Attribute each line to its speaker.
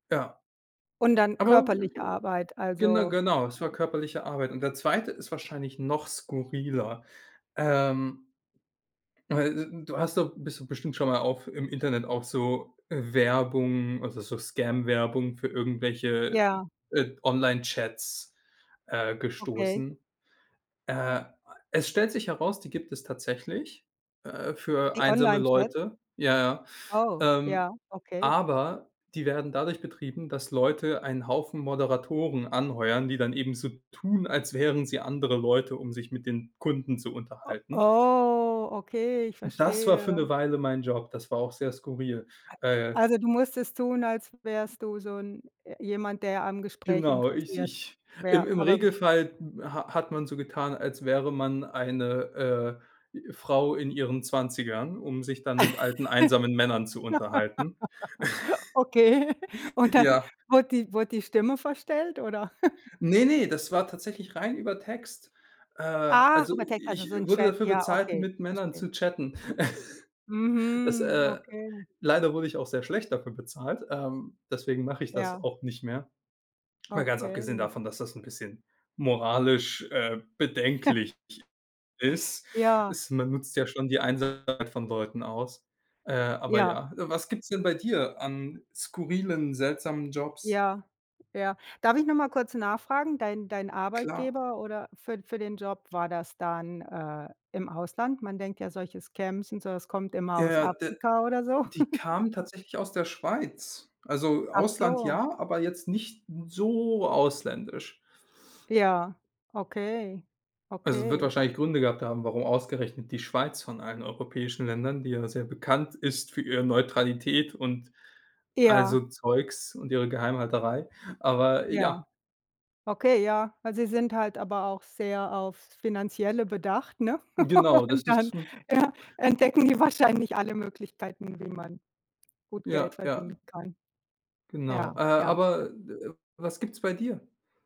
Speaker 1: Ja,
Speaker 2: Und dann
Speaker 1: aber g
Speaker 2: körperliche
Speaker 1: g
Speaker 2: Arbeit,
Speaker 1: gen
Speaker 2: also
Speaker 1: genau, es war körperliche Arbeit und der 2. ist wahrscheinlich noch skurriler, ähm, weil, äh, n du hast doch bist doch bestimmt schon mal auf im Internet auf so Werbung, also, so Scam-Werbung für irgendwelche,
Speaker 2: Ja.
Speaker 1: äh, Online-Chats, äh,
Speaker 2: Okay.
Speaker 1: gestoßen. Äh, a es stellt sich heraus, die gibt es tatsächlich, äh, für
Speaker 2: Die
Speaker 1: einsame
Speaker 2: Online-Chats?
Speaker 1: Leute, ja,
Speaker 2: Oh,
Speaker 1: ja, ähm,
Speaker 2: ja, okay.
Speaker 1: aber die werden dadurch betrieben, dass Leute einen Haufen Moderatoren anheuern, die dann eben so tun, als wären sie andere Leute, um sich mit den Kunden zu
Speaker 2: O
Speaker 1: unterhalten.
Speaker 2: Oh, okay, ich
Speaker 1: Das war für 'ne
Speaker 2: verstehe.
Speaker 1: Weile mein Job, das war auch sehr skurril,
Speaker 2: A
Speaker 1: äh
Speaker 2: Also, du musstest tun, als wärst du so 'n äh, jemand, der am Gespräch
Speaker 1: Genau, ich
Speaker 2: interessiert
Speaker 1: ich im
Speaker 2: wäre.
Speaker 1: im
Speaker 2: Aber
Speaker 1: Regelfall ha hat man so getan, als wäre man eine, äh, Frau in ihren 20ern, um sich dann mit alten, einsamen Männern zu unterhalten.
Speaker 2: Okay. Und dann
Speaker 1: Ja.
Speaker 2: wird die wird die Stimme verstellt, oder?
Speaker 1: ne, ne, das war tatsächlich rein über Text. Äh,
Speaker 2: Ach,
Speaker 1: also,
Speaker 2: über Text, also,
Speaker 1: ich
Speaker 2: so 'n
Speaker 1: wurde
Speaker 2: Chat.
Speaker 1: dafür
Speaker 2: Ja
Speaker 1: bezahlt,
Speaker 2: okay,
Speaker 1: mit Männern
Speaker 2: verstehe.
Speaker 1: zu chatten. Das,
Speaker 2: Mhm,
Speaker 1: äh
Speaker 2: okay.
Speaker 1: leider wurde ich auch sehr schlecht dafür bezahlt, ähm, deswegen mache ich das
Speaker 2: Ja.
Speaker 1: auch nicht mehr. Mal ganz abgesehen
Speaker 2: Okay.
Speaker 1: davon, dass das 'n bisschen moralisch, äh, bedenklich ist,
Speaker 2: Ja.
Speaker 1: ist man nutzt ja schon die Einsamkeit von Leuten aus, äh, aber
Speaker 2: Ja.
Speaker 1: ja. Äh, was gibt's denn bei dir an skurrilen, seltsamen Jobs?
Speaker 2: Ja. Ja. Darf ich noch mal kurz nachfragen? Dein dein
Speaker 1: Klar.
Speaker 2: Arbeitgeber oder für für den Job war das dann, äh, im Ausland? Man denkt ja, solches Scams und sowas kommt immer
Speaker 1: Ja,
Speaker 2: aus
Speaker 1: ja, d
Speaker 2: Afrika oder so.
Speaker 1: die kamen tatsächlich aus der Schweiz. Also,
Speaker 2: Ach
Speaker 1: Ausland
Speaker 2: so.
Speaker 1: ja, aber jetzt nicht so ausländisch.
Speaker 2: Ja, okay,
Speaker 1: Also, wird
Speaker 2: okay.
Speaker 1: wahrscheinlich Gründe gehabt haben, warum ausgerechnet die Schweiz von allen europäischen Ländern, die ja sehr bekannt ist für ihre Neutralität und all so
Speaker 2: Ja.
Speaker 1: Zeugs und ihre Geheimhalterei, aber
Speaker 2: Ja.
Speaker 1: ja.
Speaker 2: Okay, ja. Ja sie sind halt aber auch sehr aufs Finanzielle bedacht, ne?
Speaker 1: Genau, das
Speaker 2: Und dann,
Speaker 1: das m
Speaker 2: ja, entdecken die wahrscheinlich alle Möglichkeiten, wie man gut Geld
Speaker 1: Ja, ja.
Speaker 2: verdienen kann. Ja,
Speaker 1: Genau, äh,
Speaker 2: ja.
Speaker 1: aber, äh, was gibt's bei dir?